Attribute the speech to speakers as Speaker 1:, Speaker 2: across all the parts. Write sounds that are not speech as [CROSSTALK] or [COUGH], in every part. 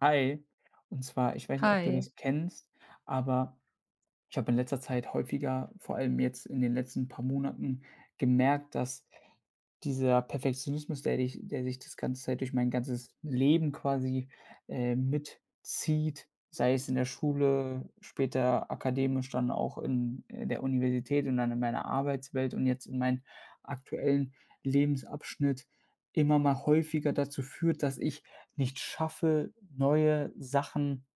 Speaker 1: Hi. Und zwar, ich weiß nicht, ob du
Speaker 2: Hi.
Speaker 1: das kennst, aber ich habe in letzter Zeit häufiger- vor allem jetzt in den letzten paar Monaten- gemerkt, dass dieser Perfektionismus, der dich der sich das ganze Zeit durch mein ganzes Leben quasi, äh, mitzieht, sei es in der Schule, später akademisch, dann auch in in der Universität und dann in meiner Arbeitswelt und jetzt in meinen aktuellen Lebensabschnitt immer mal häufiger dazu führt, dass ich nicht schaffe, neue Sachen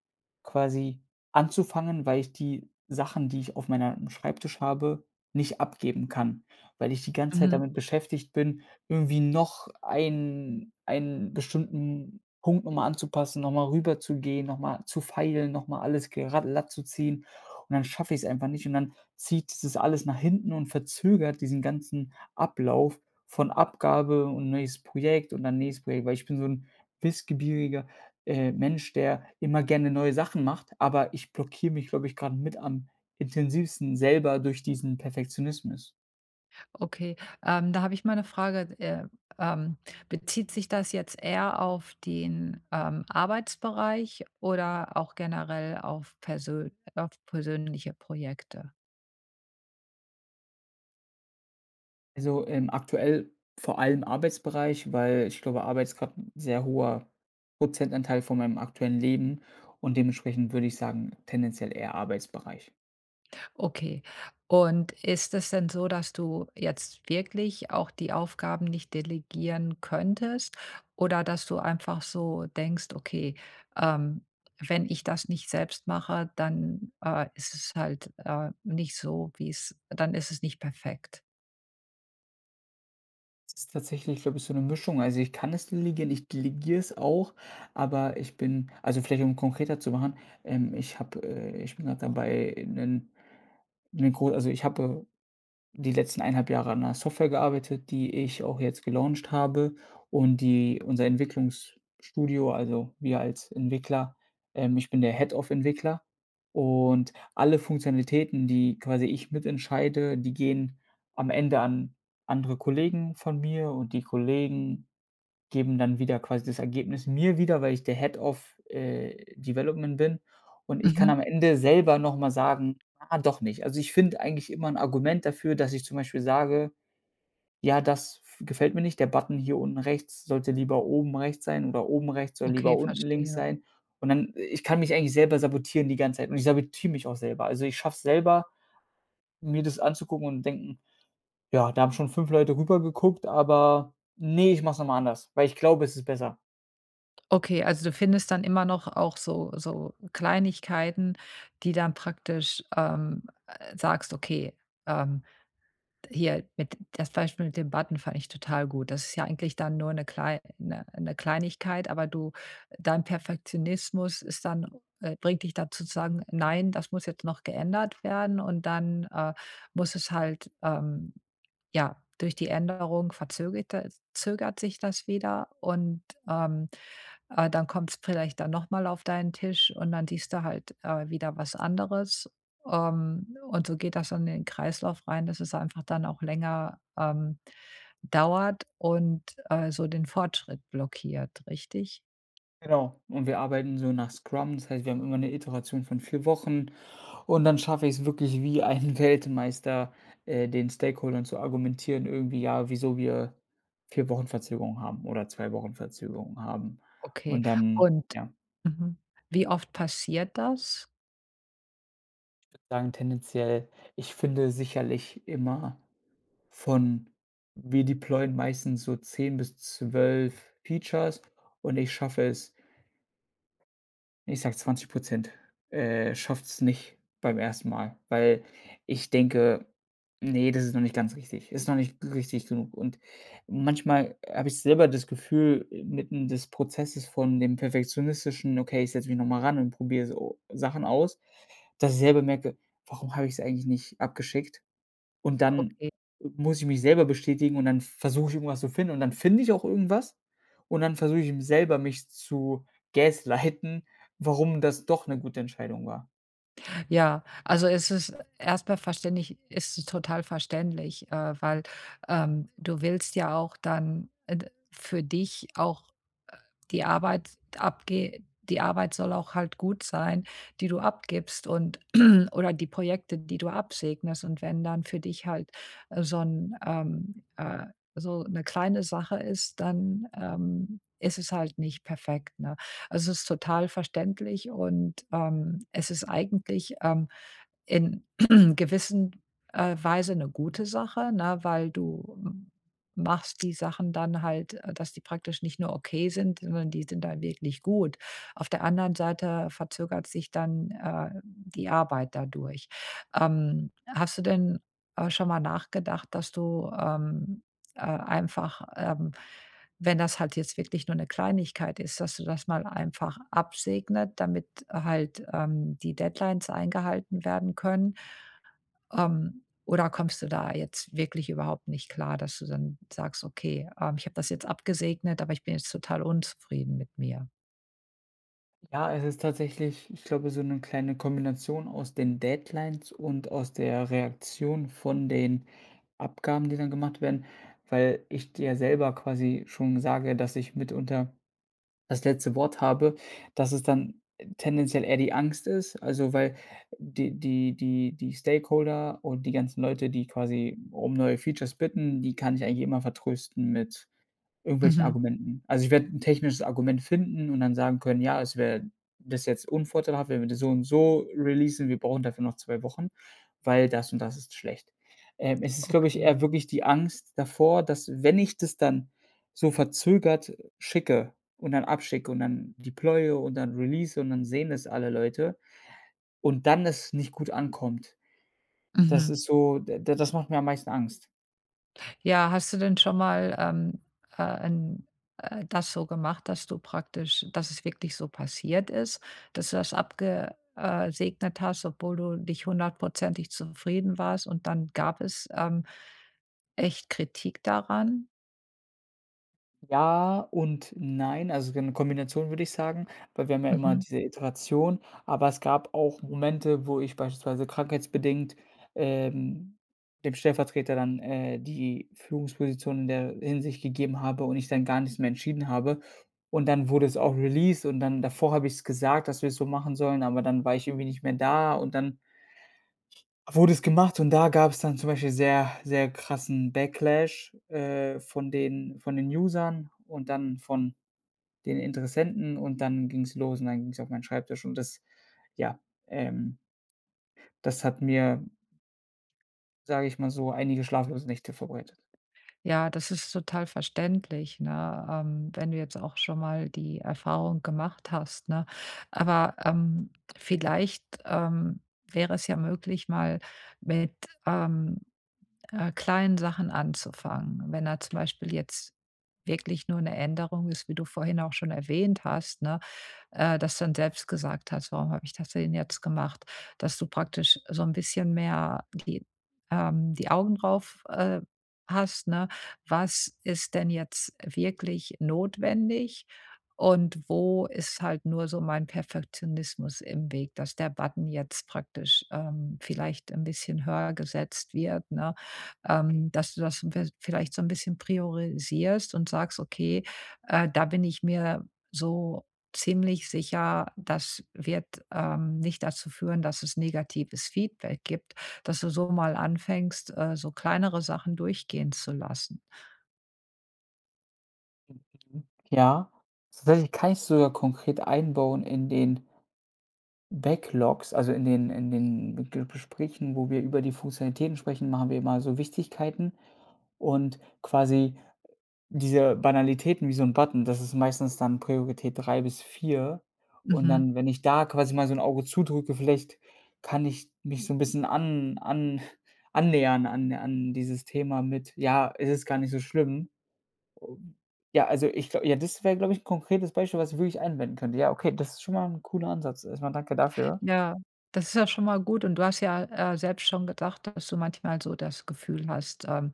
Speaker 1: quasi anzufangen, weil ich die Sachen, die ich auf meinem Schreibtisch habe, nicht abgeben kann. Weil ich die ganze Zeit
Speaker 2: Mhm.
Speaker 1: damit beschäftigt bin, irgendwie noch einen einen bestimmten Punkt noch mal anzupassen, noch mal rüberzugehen, noch mal zu feilen, noch mal alles gera latt zu ziehen und dann schaffe ich's einfach nicht und dann zieht sich das alles nach hinten und verzögert diesen ganzen Ablauf von Abgabe und neues Projekt und dann nächstes Projekt, weil ich bin so 'n wissbegieriger, äh, Mensch, der immer gerne neue Sachen macht, aber ich blockiere mich, glaube ich, grade mit am intensivsten selber durch diesen Perfektionismus.
Speaker 2: Okay, ähm, da habe ich mal 'ne Frage. D äh, ähm, bezieht sich das jetzt eher auf den, ähm, Arbeitsbereich oder auch generell auf persö auf persönliche Projekte?
Speaker 1: Also, ähm, aktuell vor allem Arbeitsbereich, weil ich glaube, Arbeit ist grad 'n sehr hoher Prozentanteil von meinem aktuellen Leben und dementsprechend würde ich sagen tendenziell eher Arbeitsbereich.
Speaker 2: Okay. Und ist es denn so, dass du jetzt wirklich auch die Aufgaben nicht delegieren könntest oder dass du einfach so denkst: „Okay, ähm, wenn ich das nicht selbst mache, dann, äh, ist es halt, äh, nicht so, wie's dann ist es nicht perfekt.“
Speaker 1: Es ist tatsächlich so ein bisschen 'ne Mischung. Also, ich kann es delegieren. Ich delegiere es auch, aber ich bin also vielleicht, um konkreter zu machen, ähm, ich habe, äh ich bin grad dabei, 'nen 'ne gro also ich hatte die letzten 1 1/2 Jahre an 'ner Software gearbeitet, die ich auch jetzt gelauncht habe und die unser Entwicklungsstudio, also wir als Entwickler, ähm ich bin der Head of Entwickler. Und alle Funktionalitäten, die quasi ich mit entscheide, die gehen am Ende an andere Kollegen von mir und die Kollegen geben dann wieder quasi das Ergebnis mir wieder, weil ich der Head of, äh, Development bin. Und ich kann am
Speaker 2: Mhm.
Speaker 1: Ende selber noch mal sagen: „Ah, doch nicht.“ Also ich finde eigentlich immer 'n Argument dafür, dass ich zum Beispiel sage: „Ja, das f gefällt mir nicht. Der Button hier unten rechts sollte lieber oben rechts sein oder oben rechts soll lieber
Speaker 2: Okay,
Speaker 1: unten links
Speaker 2: verstehe.
Speaker 1: sein.“ Und dann ich kann mich eigentlich selber sabotieren die ganze Zeit und ich sabotiere mich auch selber. Also, ich schaffe es selber, mir das anzugucken und denken: „Ja, da haben schon 5 Leute rüber geguckt, aber ne, ich mache es noch mal anders, weil ich glaube, es ist besser.“
Speaker 2: Okay, also du findest dann immer noch auch so so Kleinigkeiten, die dann praktisch ähm, sagst, okay, ähm, hier mit das Beispiel mit den Button fand ich total gut. Das ist ja eigentlich dann nur 'ne klei 'ne 'ne Kleinigkeit, aber du dein Perfektionismus ist dann äh, bringt dich da zu sagen: „Nein, das muss jetzt noch geändert werden“ und dann, äh, muss es halt, ähm, ja durch die Änderung verzöget das zögert sich das wieder und, ähm, äh, dann kommt's vielleicht dann noch mal auf deinen Tisch und dann siehst du halt, äh, wieder was anderes. Ähm, und so geht das dann in den Kreislauf rein, dass es einfach dann auch länger, ähm, dauert und, äh, so den Fortschritt blockiert, richtig?
Speaker 1: Genau und wir arbeiten so nach Scrum. Das heißt, wir haben immer 'ne Iteration von 4 Wochen und dann schaffe ich es wirklich wie ein Weltmeister, äh, den Stakeholdern zu argumentieren, irgendwie, ja, wieso wir 4 Wochen Verzögerung haben oder 2 Wochen Verzögerung haben.
Speaker 2: Okay.
Speaker 1: Und dann
Speaker 2: Und
Speaker 1: ja.
Speaker 2: mhm. Wie oft passiert das?
Speaker 1: Ich würde sagen tendenziell ich finde sicherlich immer von wir deployen meistens so 10 bis 12 Features und ich schaffe es ich sage 20 %, äh, schafft's nicht beim 1. Mal, weil ich denke: „Ne, das ist noch nicht ganz richtig. Ist noch nicht g richtig genug“ und manchmal habe ich selber das Gefühl mitten des Prozesses von dem Perfektionistischen: „Okay, ich setze mich noch mal ran und probiere so Sachen aus“, dass ich selber merke: „Warum habe ich es eigentlich nicht abgeschickt“ und dann
Speaker 2: Okay.
Speaker 1: muss ich mich selber bestätigen und dann versuche ich irgendwas zu finden und dann finde ich auch irgendwas und dann versuche ich eben selber mich zu gaslighten, warum das doch 'ne gute Entscheidung war.
Speaker 2: Ja, also es ist e erst mal verständlich es ist total verständlich, äh, weil, ähm, du willst ja auch dann, äh, d für dich auch, äh, die Arbeit abge die Arbeit soll auch halt gut sein, die du abgibst und [CLEARS THROAT] oder die Projekte, die du absegnest. Und wenn dann für dich halt, äh, so 'n ähm, äh, so 'ne kleine Sache ist, dann, ähm, ist es halt nicht perfekt, ne? Also, es ist total verständlich und, ähm, es ist eigentlich, ähm, in [CLEARS THROAT] gewissen, äh, Weise 'ne gute Sache, ne, weil du m machst die Sachen dann halt, äh, dass die praktisch nicht nur okay sind, sondern die sind dann wirklich gut. Auf der anderen Seite verzögert sich dann, äh, die Arbeit dadurch. Ähm, hast du denn, äh, schon mal nachgedacht, dass du, ähm äh, einfach, ähm, wenn das halt jetzt wirklich nur 'ne Kleinigkeit ist, dass du das mal einfach absegnet, damit halt, ähm, die Deadlines eingehalten werden können? Ähm, oder kommst du da jetzt wirklich überhaupt nicht klar, dass du dann sagst: „Okay, ähm, ich habe das jetzt abgesegnet, aber ich bin jetzt total unzufrieden mit mir?“
Speaker 1: Ja, es ist tatsächlich ich glaube, so 'ne kleine Kombination aus den Deadlines und aus der Reaktion von den Abgaben, die dann gemacht werden, weil ich dir selber quasi schon sage, dass ich mitunter das letzte Wort habe, dass es dann tendenziell eher die Angst ist. Also, weil die die die die Stakeholder und die ganzen Leute, die quasi um neue Features bitten, die kann ich eigentlich immer vertrösten mit irgendwelchen
Speaker 2: Mhm.
Speaker 1: Argumenten. Also, ich werde 'n technisches Argument finden und dann sagen können: „Ja, es wär das wäre jetzt unvorteilhaft, wenn wir das so und so releasen, wir brauchen dafür noch 2 Wochen, weil das und das ist schlecht.“ Ähm, es ist, glaube ich,
Speaker 2: Okay.
Speaker 1: eher wirklich die Angst davor, dass, wenn ich das dann so verzögert schicke und dann abschicke und dann deploye und dann release und dann sehen es alle Leute und dann es nicht gut ankommt. Das
Speaker 2: Mhm.
Speaker 1: ist so da das macht mir am meisten Angst.
Speaker 2: Ja, hast du denn schon mal, ähm, äh, 'n äh, das so gemacht, dass du praktisch dass es wirklich so passiert ist, dass du das abge äh, segnet hast, obwohl du nicht hundertprozentig zufrieden warst und dann gab es, ähm, echt Kritik daran?
Speaker 1: Ja und nein, also, so eine Kombination würde ich sagen, weil wir haben ja immer
Speaker 2: Mhm.
Speaker 1: diese Iteration. Aber es gab auch Momente, wo ich beispielsweise krankheitsbedingt, ähm, dem Stellvertreter dann, äh, die Führungsposition in der Hinsicht gegeben habe und ich dann gar nichts mehr entschieden habe. Und dann wurde es auch released, und dann davor habe ich's gesagt, dass wir es so machen sollen, aber dann war ich irgendwie nicht mehr da, und dann wurde es gemacht. Und da gab's dann zum Beispiel sehr, sehr krassen Backlash, äh, von den von den Usern und dann von den Interessenten. Und dann ging's los, und dann ging's auf meinen Schreibtisch. Und das, ja, ähm das hat mir sage ich mal so, einige schlaflose Nächte vorbereitet.
Speaker 2: Ja, das ist total verständlich, ne? Ähm, wenn du jetzt auch schon mal die Erfahrung gemacht hast, ne? Aber, ähm, vielleicht, ähm, wäre es ja möglich, mal mit, ähm, äh, kleinen Sachen anzufangen. Wenn da zum Beispiel jetzt wirklich nur 'ne Änderung ist, wie du vorhin auch schon erwähnt hast, ne, äh, dass du dann selbst gesagt hast: „Warum hab ich das denn jetzt gemacht?“ Dass du praktisch so 'n bisschen mehr die ähm, die Augen drauf, äh, hast, ne? „Was ist denn jetzt wirklich notwendig, und wo ist halt nur so mein Perfektionismus im Weg, dass der Button jetzt praktisch, ähm, vielleicht ein bisschen höher gesetzt wird“, ne? Ähm, dass du das in vi vielleicht so 'n bisschen priorisierst und sagst: „Okay, äh, da bin ich mir so ziemlich sicher, das wird, ähm, nicht dazu führen, dass es negatives Feedback gibt.“ Dass du so mal anfängst, äh, so kleinere Sachen durchgehen zu lassen.
Speaker 1: Ja, das werde ich kann ich sogar konkret einbauen in den Backlogs. Also in den in den Ge Gesprächen, wo wir über die Funktionalitäten sprechen, machen wir immer so Wichtigkeiten und quasi diese Banalitäten wie so 'n Button, das ist meistens dann Priorität 3 bis 4. Und
Speaker 2: Mhm.
Speaker 1: dann, wenn ich da quasi mal so 'n Auge zudrücke, vielleicht kann ich mich so 'n bisschen an an annähern an an dieses Thema mit, ja, es ist gar nicht so schlimm. Ja, also ich glau ja, das wäre, glaube ich, 'n konkretes Beispiel, was ich wirklich anwenden könnte. Ja, okay, das ist schon mal 'n cooler Ansatz. Erst mal danke dafür.
Speaker 2: Ja, das ist ja schon mal gut, und du hast ja, äh, selbst schon gedacht, dass du manchmal so das Gefühl hast, ähm,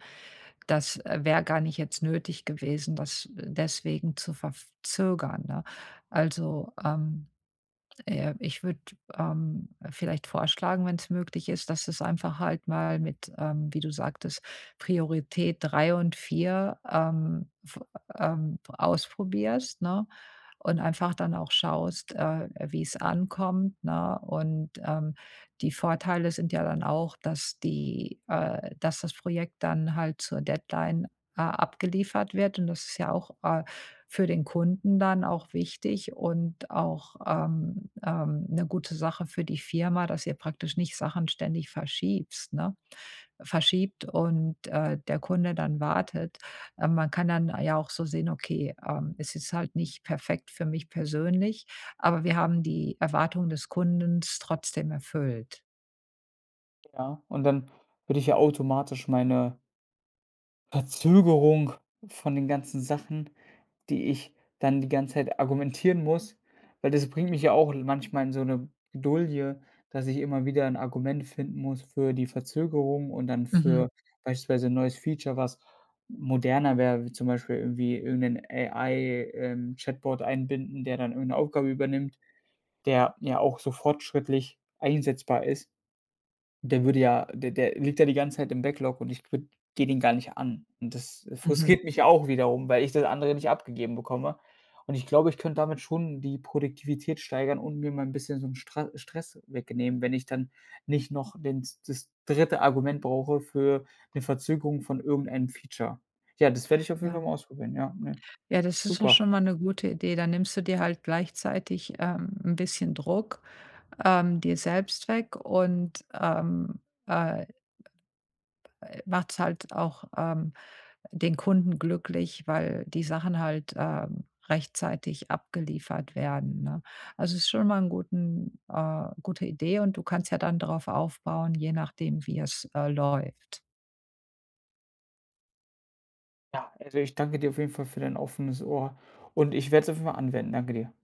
Speaker 2: das wäre gar nicht jetzt nötig gewesen, das deswegen zu verf zögern, ne? Also, ähm, äh, ich würde, ähm, vielleicht vorschlagen, wenn's möglich ist, dass du's einfach halt mal mit, ähm, wie du sagtest, Priorität 3 und 4, ähm, f ähm, ausprobierst, ne? Und einfach dann auch schaust, äh, wie's ankommt, ne? Und, ähm, die Vorteile sind ja dann auch, dass die äh, dass das Projekt dann halt zur Deadline a abgeliefert wird. Und das ist ja auch, äh, für den Kunden dann auch wichtig und auch, ähm ähm, 'ne gute Sache für die Firma, dass ihr praktisch nicht Sachen ständig verschiebst ne, verschiebt und, äh, der Kunde dann wartet. Ähm, man kann dann ja auch so sehen, okay, ähm: „Ist jetzt halt nicht perfekt für mich persönlich, aber wir haben die Erwartungen des Kunden trotzdem erfüllt.“
Speaker 1: Ja. Und dann würde ich ja automatisch meine Verzögerung von den ganzen Sachen, die ich dann die ganze Zeit argumentieren muss weil das bringt mich ja auch in manchmal in so 'ne Bredouille, dass ich immer wieder 'n Argument finden muss für die Verzögerung und dann
Speaker 2: Mhm.
Speaker 1: für beispielsweise 'n neues Feature, was moderner wäre, wie zum Beispiel irgendwie irgend 'nen AI ähm, Chatbot einbinden, der dann irgend 'ne Aufgabe übernimmt, der ja auch so fortschrittlich einsetzbar ist. Der würde ja der der liegt ja die ganze Zeit im Backlog und ich würde gehe den gar nicht an. Und das, äh,
Speaker 2: Mhm.
Speaker 1: frustriert mich auch wiederum, weil ich das andere nicht abgegeben bekomme. Und ich glaube, ich könnte damit schon die Produktivität steigern und mir mal 'n bisschen so 'n Stra Stress wegnehmen, wenn ich dann nicht noch den s das 3. Argument brauche für 'ne Verzögerung von irgendeinem Feature. Ja, das werde ich auf jeden Fall
Speaker 2: Ja.
Speaker 1: mal ausprobieren, ja, ne.
Speaker 2: Ja, das ist doch
Speaker 1: Super.
Speaker 2: schon mal 'ne gute Idee. Dann nimmst du dir halt gleichzeitig, ähm, 'n bisschen Druck ähm, dir selbst weg und, ähm, äh äh, machst halt auch, ähm, den Kunden glücklich, weil die Sachen halt, ähm, rechtzeitig abgeliefert werden, ne? Also, es ist schon mal 'n guten äh, gute Idee, und du kannst ja dann drauf aufbauen, je nachdem, wie es, äh, läuft.
Speaker 1: Ja, also ich danke dir auf jeden Fall für dein offenes Ohr, und ich werde es auf jeden Fall mal anwenden, danke dir.